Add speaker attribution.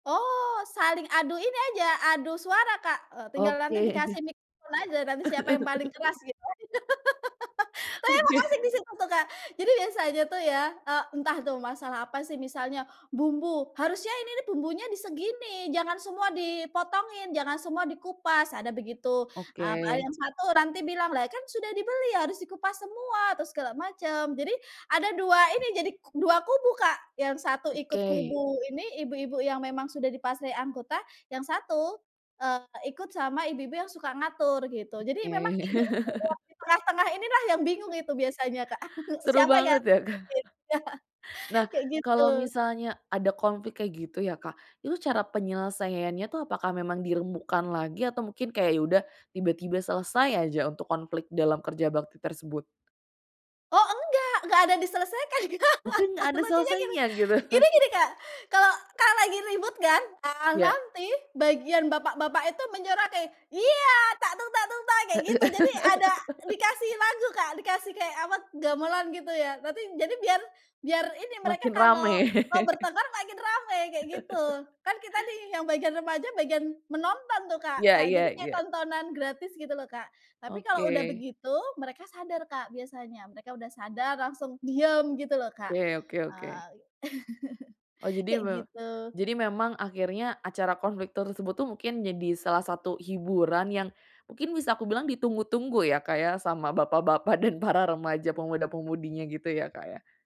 Speaker 1: Oh saling adu ini aja, adu suara Kak, eee, tinggal
Speaker 2: Oke.
Speaker 1: nanti dikasih mic aja nanti siapa yang paling keras gitu aja. Tapi emang
Speaker 2: Oke.
Speaker 1: asik di situ tuh Kak. Jadi biasanya tuh ya, eee, entah tuh masalah apa sih misalnya bumbu, "Harusnya ini nih bumbunya di segini, jangan semua dipotongin, jangan semua dikupas." Ada begitu, mmm, ada
Speaker 2: Oke.
Speaker 1: yang satu nanti bilang, "Lah kan sudah dibeli harus dikupas semua," atau segala macem. Jadi ada 2 ini, jadi k 2 kubu Kak, yang satu ikut
Speaker 2: Oke.
Speaker 1: kubu ini, ibu-ibu yang memang sudah di fase anggota yang satu, eee, ikut sama ibu-ibu yang suka ngatur gitu, jadi
Speaker 2: Oke.
Speaker 1: memang ibu-ibu yang di tengah-tengah inilah yang bingung itu biasanya Kak.
Speaker 2: Seru
Speaker 1: Siapa yang
Speaker 2: banget ya Kak?
Speaker 1: diikutin.
Speaker 2: Nah
Speaker 1: Kayak
Speaker 2: kalau
Speaker 1: gitu.
Speaker 2: misalnya ada konflik kayak gitu ya Kak, itu cara penyelesaiannya tuh apakah memang dirembukan lagi atau mungkin kayak ya udah tiba-tiba selesai aja untuk konflik dalam kerja bakti tersebut?
Speaker 1: Oh enggak enggak ada diselesaikan.
Speaker 2: Mungkin gak ada
Speaker 1: Lucunya gini.
Speaker 2: selesainya gitu?
Speaker 1: Gini gini Kak, kalau kalau lagi ribut kan, ah
Speaker 2: Ya.
Speaker 1: nanti bagian bapak-bapak itu menyoraki, "Ya! Tak tung tak tung, tak!"
Speaker 2: E
Speaker 1: kayak
Speaker 2: e
Speaker 1: gitu, jadi ada dikasih lagu Kak, dikasih kayak apa gamelan gitu ya, nanti jadi biar biar ini, mereka
Speaker 2: Makin rame.
Speaker 1: kalau mau bertengkar makin ramai kayak gitu, kan kita nih yang bagian remaja bagian menonton tuh Kak,
Speaker 2: Ya
Speaker 1: eee, jadi
Speaker 2: ya
Speaker 1: kayak
Speaker 2: ya.
Speaker 1: tontonan gratis gitu lho Kak, tapi kalau udah
Speaker 2: Oke.
Speaker 1: begitu, mereka sadar Kak biasanya, mereka udah sadar, langsung diem gitu lho Kak.
Speaker 2: Oke oke oke.
Speaker 1: Eee.
Speaker 2: Oh, jadi
Speaker 1: Kayak
Speaker 2: mem
Speaker 1: gitu.
Speaker 2: jadi memang akhirnya acara konflik tersebut tuh mungkin jadi salah satu hiburan yang mungkin bisa aku bilang ditunggu-tunggu ya Kak, ya, sama bapak-bapak dan para remaja pemuda-pemudinya gitu ya Kak ya?